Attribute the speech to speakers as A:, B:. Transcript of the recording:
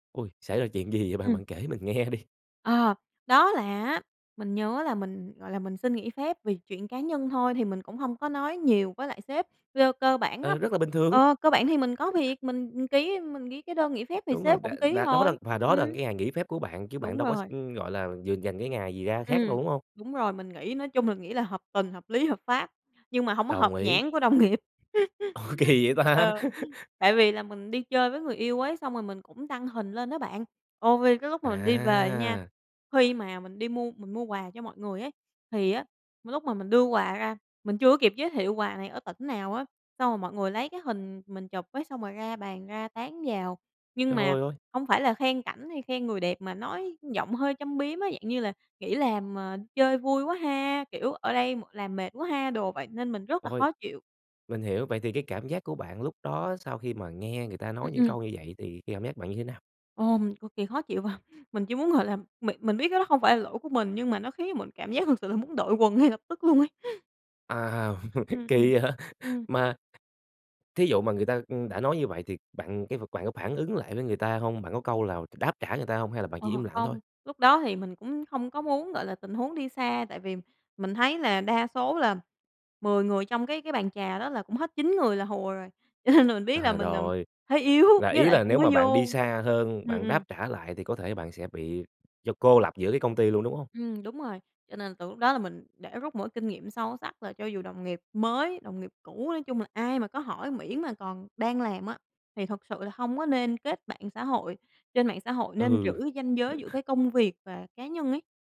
A: Ôi, xảy ra chuyện gì vậy bạn?
B: Ừm.
A: Bạn kể mình nghe đi.
B: Ờ, đó là á, mình nhớ là mình, gọi là, mình xin nghỉ phép vì chuyện cá nhân thôi thì mình cũng hông có nói nhiều với lại sếp. Cơ cơ bản á
A: Ờ, rất là bình thường.
B: ờ, cơ bản thì mình có việc, mình, ừm, ký mình ký cái đơn nghỉ phép thì
A: Đúng rồi,
B: sếp
A: đã
B: cũng ký
A: đã đó là
B: rồi,
A: và
B: ừm.
A: đó là cái ngày nghỉ phép của bạn chứ bạn
B: Đúng
A: đâu có x
B: rồi.
A: ưm, gọi là, dường dành cái ngày gì ra khác
B: Ừm,
A: đâu, đúng hông?
B: đúng rồi, mình nghĩ nói chung mình nghĩ là hợp tình, hợp lý, hợp pháp, nhưng mà hông có hợp
A: Đồng ý.
B: nhãn của đồng nghiệp.
A: Ủa, kỳ vậy ta?
B: Ờ, tại vì là mình đi chơi với người yêu ấy, xong rồi mình cũng đăng hình lên á bạn, ồ, vi cái lúc mà mình đi về nha,
A: À!
B: khi mà mình đi mua mình mua quà cho mọi người ấy, thì á, l lúc mà mình đưa quà ra, mình chưa có kịp giới thiệu quà này ở tỉnh nào á, xong rồi mọi người lấy cái hình mình chụp ấy xong rồi ra bàn ra tán vào. Nhưng mà
A: Trời ơi!
B: hông phải là khen cảnh hay khen người đẹp mà nói giọng hơi châm biếm á, dạng như là "nghỉ làm, ờ, chơi vui quá ha," kiểu, "ở đây m làm mệt quá ha," đồ, vậy nên mình rất là
A: Ôi.
B: khó chịu.
A: Mình hiểu, vậy thì cái cảm giác của bạn lúc đó sau khi mà nghe người ta
B: Ưm,
A: nói những
B: ừm.
A: câu như vậy thì cái cảm giác bạn như thế nào?
B: Ờ, mình cực kỳ khó chịu, và mình chỉ muốn, gọi là, mình mình biết cái đó hông phải là lỗi của mình nhưng mà nó khiến cho mình cảm giác thật sự là muốn đội quần ngay lập tức luôn ấy.
A: À,
B: Ừm, ừm,
A: kỳ vậy?
B: ừm.
A: Mà thí dụ mà người ta, ưm, đã nói như vậy thì bạn cái vật bạn có phản ứng lại với người ta hông? Bạn có câu lào đáp trả người ta hông hay là bạn
B: Ờ,
A: chỉ im lặng thôi?
B: không, lúc đó thì mình cũng không có muốn, gọi là, tình huống đi xa tại vì mình thấy là đa số là 10 người trong cái cái bàn trà đó là cũng hết 9 người là hùa rồi, cho nên là mình biết là
A: À,
B: mình nằm
A: rồi,
B: thế yếu
A: là
B: với
A: ý
B: lại
A: là
B: cũng
A: nếu
B: mới
A: mà bạn đi
B: vô.
A: xa hơn,
B: Ừm,
A: bạn đáp
B: ừm.
A: trả lại thì có thể bạn sẽ bị cho cô lập giữa cái công ty luôn, đúng hông?
B: Ừm, đúng rồi, cho nên từ lúc đó là mình để rút một cái kinh nghiệm sâu sắc là cho dù đồng nghiệp mới, đồng nghiệp cũ, nói chung là ai mà có hỏi miễn mà còn đang làm á, thì thật sự là hông có nên kết bạn xã hội, trên mạng xã hội nên giữ
A: Ừ.
B: ranh giới giữa cái công việc và cá nhân ấy.